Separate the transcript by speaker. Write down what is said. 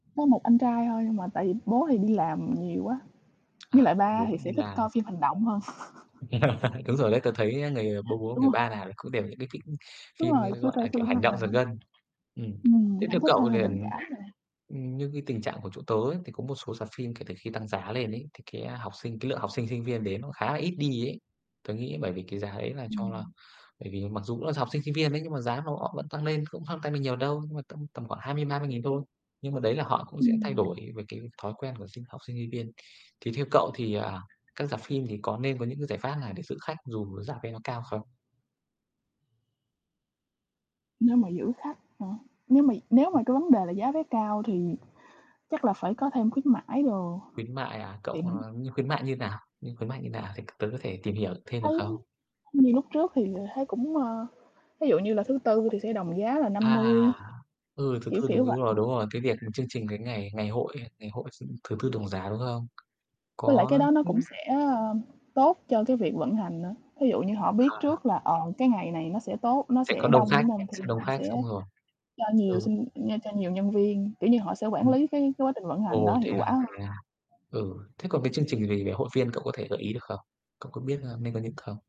Speaker 1: Có một anh trai thôi nhưng mà tại vì bố thì đi làm nhiều quá,
Speaker 2: À,
Speaker 1: với lại
Speaker 2: thế là
Speaker 1: ba
Speaker 2: bố
Speaker 1: thì
Speaker 2: vẫn đi
Speaker 1: sẽ thích
Speaker 2: làm.
Speaker 1: coi phim hành động hơn.
Speaker 2: Đúng rồi đấy, tớ thấy, a, người bố bố
Speaker 1: Đúng
Speaker 2: người
Speaker 1: rồi.
Speaker 2: ba nào cũng đều những cái kĩnh
Speaker 1: Đúng
Speaker 2: phim,
Speaker 1: rồi,
Speaker 2: ơ,
Speaker 1: chưa
Speaker 2: gọi
Speaker 1: coi
Speaker 2: là, kiểu
Speaker 1: phim thôi
Speaker 2: hành động giật
Speaker 1: mà.
Speaker 2: gân. Ừm,
Speaker 1: Ừm,
Speaker 2: thế
Speaker 1: hổng
Speaker 2: theo
Speaker 1: thích hơn
Speaker 2: cậu
Speaker 1: là
Speaker 2: liền
Speaker 1: tình cảm mà.
Speaker 2: ừm, như cái tình trạng của chỗ tớ ấy, thì có một số rạp phim kể từ khi tăng giá lên ấy, thì cái, a, học sinh, cái lượng học sinh, sinh viên đến nó khá là ít đi ấy. Tớ nghĩ bởi vì cái giá ấy là cho là
Speaker 1: Ừm.
Speaker 2: bởi vì mặc dù cũng là học sinh sinh viên ấy, nhưng mà giá nó óc vẫn tăng lên, cũng không tăng nên nhiều đâu, nhưng mà tâm tầm khoảng 20.000-30.000 thôi. Nhưng mà đấy là họ cũng sẽ thay
Speaker 1: Ừm.
Speaker 2: đổi về cái thói quen của sinh học sinh sinh viên. Thì theo cậu thì, à, các rạp phim thì có nên có những cái giải pháp nào để giữ khách dù rạp ấy nó cao không?
Speaker 1: Nếu mà giữ khách hả? Nếu mà nếu mà
Speaker 2: [unintelligible]
Speaker 1: cái vấn đề là giá vé cao thì chắc là phải có thêm khuyến mãi đồ
Speaker 2: Khuyến mại à, cậu
Speaker 1: thì mình
Speaker 2: ờ, như khuyến mại như nào? Như khuyến mại như nào thì t tớ có thể tìm hiểu thêm được
Speaker 1: Thấy
Speaker 2: không?
Speaker 1: như lúc trước thì, ờ, thấy cũng ơ, thí dụ như là thứ Tư thì sẽ đồng giá là năm
Speaker 2: À,
Speaker 1: mươi,
Speaker 2: ừ, thứ
Speaker 1: kiểu,
Speaker 2: Tư
Speaker 1: kiểu
Speaker 2: đúng đúng
Speaker 1: vậy.
Speaker 2: rồi, đúng rồi, cái việc chương trình cái ngày ngày hội ấy, ngày hội s thứ Tư đồng giả đúng không?
Speaker 1: Với lại cái
Speaker 2: Có
Speaker 1: đó nó
Speaker 2: thế
Speaker 1: cũng sẽ, ơ, tốt cho cái việc vận hành nữa. Thí dụ như họ biết
Speaker 2: À.
Speaker 1: trước là, ờ, cái ngày này nó sẽ tốt, nó
Speaker 2: Sẽ có
Speaker 1: sẽ
Speaker 2: đông
Speaker 1: đông
Speaker 2: khách,
Speaker 1: đúng hông? Thì
Speaker 2: sẽ đông
Speaker 1: họ
Speaker 2: khách xong
Speaker 1: sẽ
Speaker 2: rồi
Speaker 1: cho nhiều
Speaker 2: Ừ.
Speaker 1: sinh nh cho nhiều nhân viên, kiểu như, họ sẽ quản
Speaker 2: Ừm.
Speaker 1: lý cái cái quá trình vận hành đó
Speaker 2: Ồ, thế
Speaker 1: hiệu quả
Speaker 2: à, thế
Speaker 1: hơn.
Speaker 2: à? Ừ, thế còn cái chương trình về về hội viên cậu có thể gợi ý được không? Cậu có biết, a, nên có những không?